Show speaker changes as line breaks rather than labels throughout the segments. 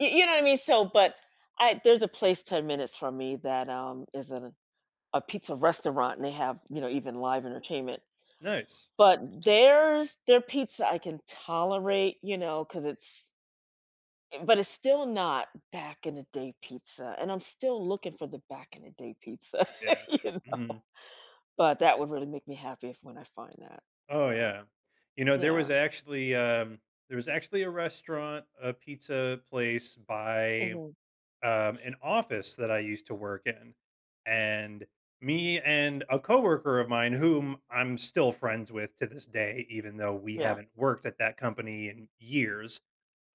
Y you know what I mean? So but I there's a place 10 minutes from me that, um, is a a pizza restaurant, they have, you know, even live entertainment,
Nice.
but there's their pizza I can tolerate, you know, 'cause it's, eh, but it's still not back in the day pizza, and I'm still looking for the back in the day pizza,
Yeah.
you know,
Mhm.
but that would really make me happy if when I find that.
Oh,
So
yeah. You know, there was
yeah.
actually, um, there was actually a restaurant, a pizza place by,
Mhm.
um, an office that I used to work in, and me and a coworker of mine, whom I'm still friends with to this day, even though we
Yeah.
haven't worked at that company in years,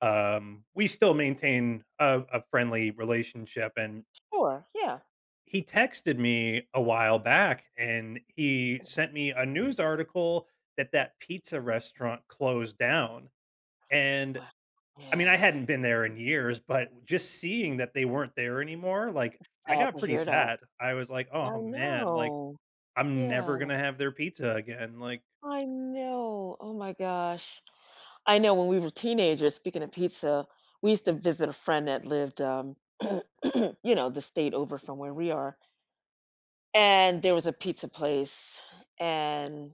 um We still maintain a a friendly relationship, and
Sure. Yeah.
he texted me a while back, and he sent me a news article that that pizza restaurant closed down, and
Wow.
I mean, I
Yeah.
hadn't been there in years, but just seeing that they weren't there anymore, like, I
Sad
got
to
pretty
hear that.
sad. I was, like,
I
"Oh, man. Like,
know.
I'm
Yeah.
never gonna have their pizza again." Like
I know. Oh my gosh. I know when we were teenagers, speaking of pizza, we used to visit a friend that lived, um, you know, the state over from where we are and there was a pizza place, and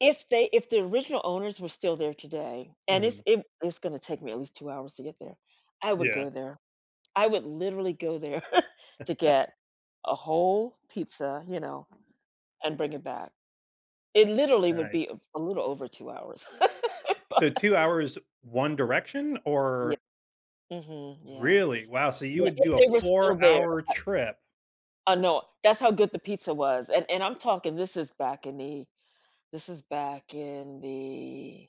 if they if the original owners were still there today, and
Mhm.
it's it it's gonna take me at least 2 hours to get there, I would
Yeah.
go there. I would literally go there to get a whole pizza, you know, and bring it back. It literally would be
Nice.
a little over 2 hours. Bu
So 2 hours, 1 direction,
Ye
or
Mhm. Yeah.
Really? Wow, so you
Ye
would
if
do a
they were still
4
there
hour
bu
trip
I know. That's how good the pizza was, and and I'm talking this is back in the this is back in the